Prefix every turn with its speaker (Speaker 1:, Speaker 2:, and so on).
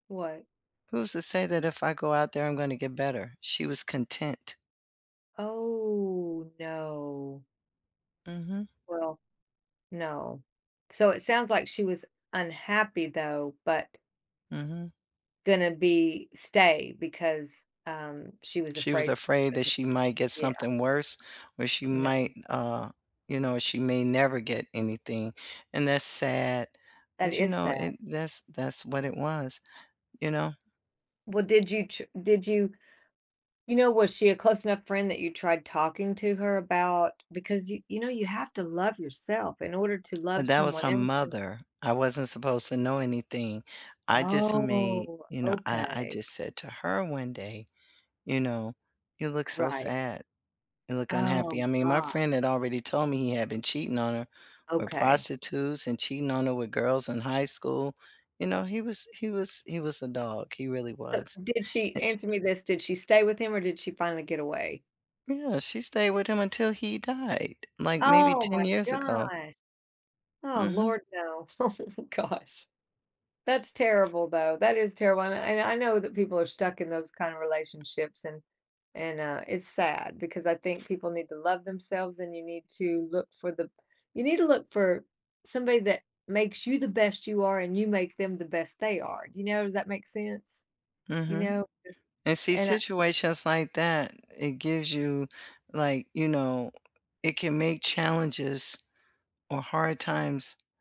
Speaker 1: What?
Speaker 2: "Who's to say that if I go out there, I'm gonna get better?" She was content.
Speaker 1: Oh, no.
Speaker 2: Mhm.
Speaker 1: Well, no. So, it sounds like she was unhappy, though, but
Speaker 2: Mhm.
Speaker 1: gonna be stay, because, um, she was
Speaker 2: She was
Speaker 1: afraid she
Speaker 2: afraid that
Speaker 1: couldn't
Speaker 2: she might get
Speaker 1: Yeah.
Speaker 2: something worse or she might
Speaker 1: No.
Speaker 2: n uh, you know, she may never get anything, and that's sad.
Speaker 1: That
Speaker 2: But, you
Speaker 1: is
Speaker 2: know,
Speaker 1: sad.
Speaker 2: and that's that's what it was, you know?
Speaker 1: Well, did you ch did you you know, was she a close enough friend that you tried talking to her about because you you know you have to love yourself in order to
Speaker 2: And
Speaker 1: love
Speaker 2: that was
Speaker 1: someone
Speaker 2: her
Speaker 1: else and
Speaker 2: mother. I wasn't supposed to know anything. I just made
Speaker 1: Oh.
Speaker 2: you know, I I
Speaker 1: Okay.
Speaker 2: just said to her one day, you know, "You look so
Speaker 1: Right.
Speaker 2: sad. You look unhappy."
Speaker 1: Oh
Speaker 2: I mean my
Speaker 1: god.
Speaker 2: friend had already told me he had been cheating on her with
Speaker 1: Okay.
Speaker 2: prostitutes and cheating on her with girls in high school, you know, he was he was he was a dog. He really
Speaker 1: Th
Speaker 2: was.
Speaker 1: Did she
Speaker 2: An
Speaker 1: answer me this: Did she stay with him or did she finally get away?
Speaker 2: Yeah, she stayed with him until he died, like, maybe
Speaker 1: Oh my
Speaker 2: 10 years ago.
Speaker 1: god! Oh
Speaker 2: Mhm.
Speaker 1: lord no. Oh, gosh. That's terrible, though. That is terrible, and I I kn I know that people are stuck in those kind of relationships, and and, uh, it's sad because I think people need to love themselves, and you need to look for the you need to look for somebody that makes you the best you are, and you make them the best they are, you know, does that make sense? You
Speaker 2: Mhm.
Speaker 1: know
Speaker 2: And
Speaker 1: [unintelligible]
Speaker 2: see
Speaker 1: and I
Speaker 2: situations like that, it gives you like, you know, it can make challenges or hard times